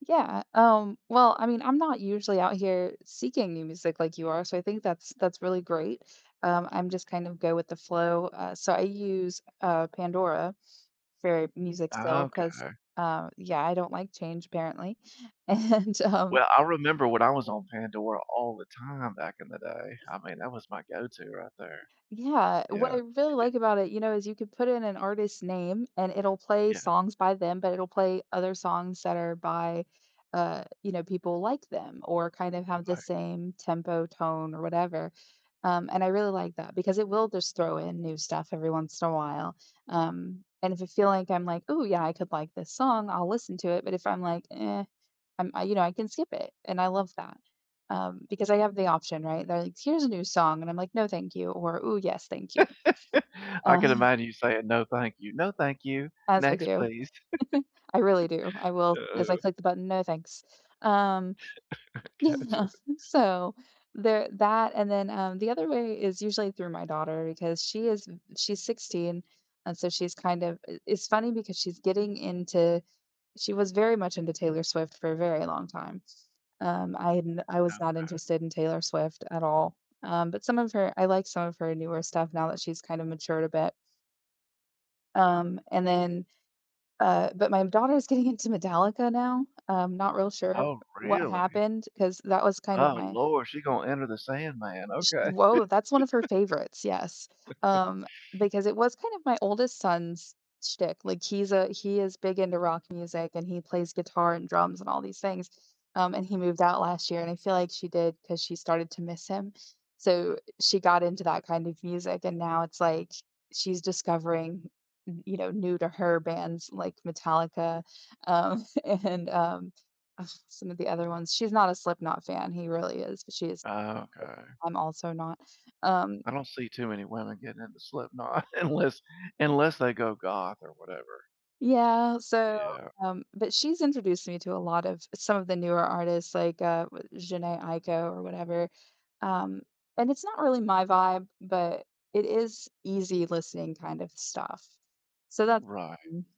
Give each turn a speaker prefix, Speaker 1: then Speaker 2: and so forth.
Speaker 1: Yeah, um, well, I mean, I'm not usually out here seeking new music like you are, so I think that's that's really great. Um, I'm just kind of go with the flow, uh, so I use, uh, Pandora for music still 'cause,
Speaker 2: Okay.
Speaker 1: uh, yeah, I don't like change apparently, and, um
Speaker 2: Well, I remember when I was on Pandora all the time back in the day. I mean, that was my go-to right there.
Speaker 1: Yeah, what
Speaker 2: Yeah.
Speaker 1: I really like about it, you know, is you could put in an artist's name and it'll play
Speaker 2: Yeah.
Speaker 1: songs by them, but it'll play other songs that are by, uh, you know, people like them or kind of have the
Speaker 2: Right.
Speaker 1: same tempo, tone, or whatever, um, and I really like that because it will just throw in new stuff every once in a while. Um, and if I feel like I'm like, "Ooh, yeah. I could like this song." I'll listen to it, but if I'm like, "Eh," I'm, you know I can skip it, and I love that, um, because I have the option, right? They're like, "Here's a new song," and I'm like, "No, thank you," or, "Ooh, yes. Thank you."
Speaker 2: I
Speaker 1: Uh
Speaker 2: can imagine you saying, "No, thank you. "No, thank you.
Speaker 1: As I
Speaker 2: Next,
Speaker 1: do.
Speaker 2: please"."
Speaker 1: I really do. I will as I
Speaker 2: Oh
Speaker 1: click the button, "No, thanks." Um
Speaker 2: Gotcha.
Speaker 1: Yeah, so there that and then, um, the other way is usually through my daughter because she is v she's 16, and so she's kind of i it's funny because she's getting into she was very much into Taylor Swift for a very long time, um, I had n I was not
Speaker 2: Okay.
Speaker 1: interested in Taylor Swift at all, um, but some of her I like some of her newer stuff now that she's kind of matured a bit. Um, and then, uh but my daughter's getting into Metallica now. I'm not real sure
Speaker 2: Oh,
Speaker 1: what
Speaker 2: really?
Speaker 1: happened 'cause that was kind of
Speaker 2: Oh,
Speaker 1: my
Speaker 2: lord, she gonna Enter the Sandman,
Speaker 1: She
Speaker 2: okay.
Speaker 1: Whoa, that's one of her favorites, yes. Um, because it was kind of my oldest son's shtick. Like, he's a he is big into rock music, and he plays guitar and drums and all these things, um, and he moved out last year, and I feel like she did 'cause she started to miss him, so she got into that kind of music, and now it's like sh she's discovering, you know, new to her bands like Metallica, um, and, um, uh, some of the other ones. She's not a Slipknot fan. He really is. But she's.
Speaker 2: Okay.
Speaker 1: I'm also not, um
Speaker 2: I don't see too many women getting into Slipknot unless unless they go goth, or whatever.
Speaker 1: Yeah, so,
Speaker 2: Yeah.
Speaker 1: um but she's introduced me to a lot of some of the newer artists like, uh, Jheńe Aiko, or whatever. Um, and it's not really my vibe, but it is easy listening kind of stuff. So that's
Speaker 2: Right.
Speaker 1: [unintelligible]